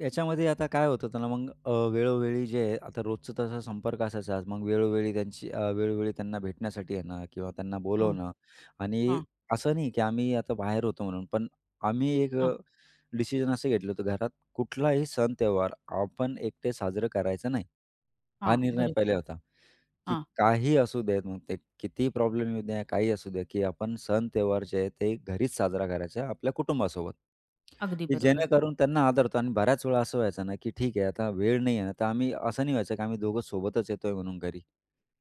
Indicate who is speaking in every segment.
Speaker 1: याच्यामध्ये आता काय होत होतं ना मग अ, वेळोवेळी जे आता रोजचं तसा संपर्क असायचाच, मग वेळोवेळी त्यांची वेळोवेळी त्यांना भेटण्यासाठी येणं किंवा त्यांना
Speaker 2: हां,
Speaker 1: बोलावणं आणि
Speaker 2: हां.
Speaker 1: असं नाही, की आम्ही आता बाहेर होतो म्हणून, पण आम्ही एक
Speaker 2: हां.
Speaker 1: अ, डिसिजन असं घेतलं होतं, घरात कुठलाही सण-त्योहार आपण एकटे साजरं करायचं नाही हा
Speaker 2: हां,
Speaker 1: निर्णय
Speaker 2: बरोबर.
Speaker 1: पहिले होता, की
Speaker 2: हां.
Speaker 1: काही असू देत ते कितीही प्रॉब्लेम येऊ द्या, काही असू दे, की आपण सण-त्योहार जे आहेत ते घरीच साजरा करायचा आपल्या कुटुंबासोबत,
Speaker 2: अगदी
Speaker 1: की
Speaker 2: बरोबर.
Speaker 1: जेणेकरून त्यांना आदरतो आणि बऱ्याच वेळा असं व्हायचं ना, की ठीक आहे आता वेळ नाही आहे ना, तर आम्ही असं नाही व्हायचं, की आम्ही दोघं सोबतच येतोय म्हणून घरी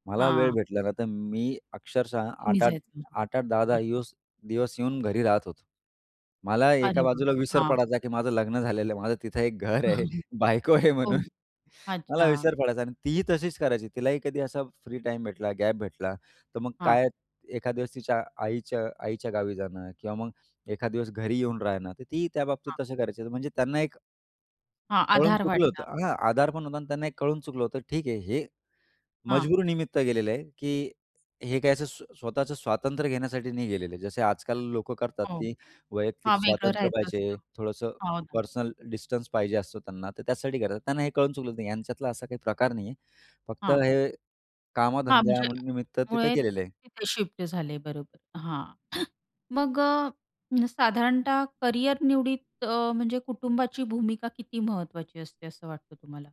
Speaker 1: मला वेळ
Speaker 2: हां.
Speaker 1: भेटला ना, तर मी अक्षरशः
Speaker 2: तुम्ही
Speaker 1: 8-8
Speaker 2: जायचं.
Speaker 1: 8-8, 10-10
Speaker 2: हां.
Speaker 1: दिवस येऊन घरी राहत होतो. मला एका
Speaker 2: अरे वाह!
Speaker 1: बाजूला विसर
Speaker 2: हां.
Speaker 1: पडायचा, की माझं लग्न झालेलं आहे, माझं तिथं एक घर आहे, बायको आहे
Speaker 2: हो,
Speaker 1: म्हणून, मला
Speaker 2: अच्छा.
Speaker 1: विसर पडायचा आणि तीही तशीच करायची तिलाही कधी असा फ्री टाईम भेटला, गॅप भेटला. तर मग
Speaker 2: हां.
Speaker 1: काय, एखादा दिवस तिच्या आईच्या आईच्या गावी जाणं किंवा मग एखादा दिवस घरी येऊन राहणं, तर तीही त्याबाबतीत
Speaker 2: हां.
Speaker 1: तसं करायची, म्हणजे त्यांना एक
Speaker 2: हां,
Speaker 1: कळून
Speaker 2: आधार
Speaker 1: चुकलं होतं,
Speaker 2: वाटणार.
Speaker 1: हा आधार पण होता आणि त्यांना हे कळून चुकलं होतं, ठीक आहे हे
Speaker 2: हां.
Speaker 1: मजबुरीनिमित्त गेलेलं आहे, की हे काय असं स्वतःचं स्वातंत्र्य घेण्यासाठी नाही गेलेलं आहे. जसे आजकाल लोकं करतात,
Speaker 2: हो,
Speaker 1: की वैयक्तिक
Speaker 2: हां वेगळं
Speaker 1: स्वातंत्र्य
Speaker 2: राहायचं
Speaker 1: पाहिजे,
Speaker 2: असतं.
Speaker 1: थोडंसं
Speaker 2: हो ना.
Speaker 1: पर्सनल डिस्टन्स पाहिजे असतो त्यांना, तर त्यासाठी करतात त्यांना हे कळून चुकलं, नाही यांच्यातला असा काही प्रकार नाही आहे फक्त
Speaker 2: हां.
Speaker 1: हे
Speaker 2: हां, म्हणजे
Speaker 1: कामाधंद्यानिमित्त तिथं
Speaker 2: त्याच्यामुळे
Speaker 1: गेलेले आहे.
Speaker 2: तिथे शिफ्ट झाले, बरोबर हां मग अ, साधारणतः करिअर निवडीत अ, म्हणजे कुटुंबाची भूमिका किती महत्त्वाची असते, असं वाटतं तुम्हाला?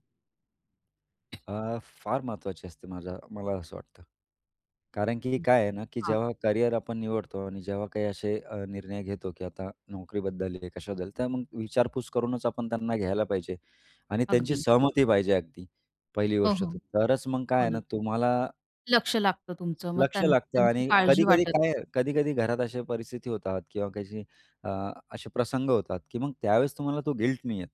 Speaker 1: अ, फार महत्त्वाची असते, माझा मला असं वाटतं, कारण की
Speaker 2: बरं,
Speaker 1: काय आहे ना, की
Speaker 2: हां.
Speaker 1: जेव्हा करिअर आपण निवडतो आणि जेव्हा काही असे अ, निर्णय घेतो, की आता नोकरीबद्दल आहे कशाबद्दल, तर मग विचारपूस करूनच आपण त्यांना घ्यायला पाहिजे आणि त्यांची
Speaker 2: अगदी.
Speaker 1: सहमती पाहिजे अगदी पहिली
Speaker 2: हो,
Speaker 1: गोष्ट
Speaker 2: हो.
Speaker 1: तरच मग काय
Speaker 2: हो
Speaker 1: आहे
Speaker 2: ना.
Speaker 1: ना तुम्हाला
Speaker 2: लक्ष लागतं तुमचं, मग
Speaker 1: लक्ष
Speaker 2: त्यां
Speaker 1: लागतं
Speaker 2: त्यांची
Speaker 1: आणि
Speaker 2: काळजी
Speaker 1: कधी-कधी
Speaker 2: वाटत
Speaker 1: काय
Speaker 2: नाही.
Speaker 1: आहे, कधी-कधी घरात अशा परिस्थिती होतात किंवा काही अ, असे प्रसंग होतात, की मग त्यावेळेस तुम्हाला तो गिल्ट नाही येत.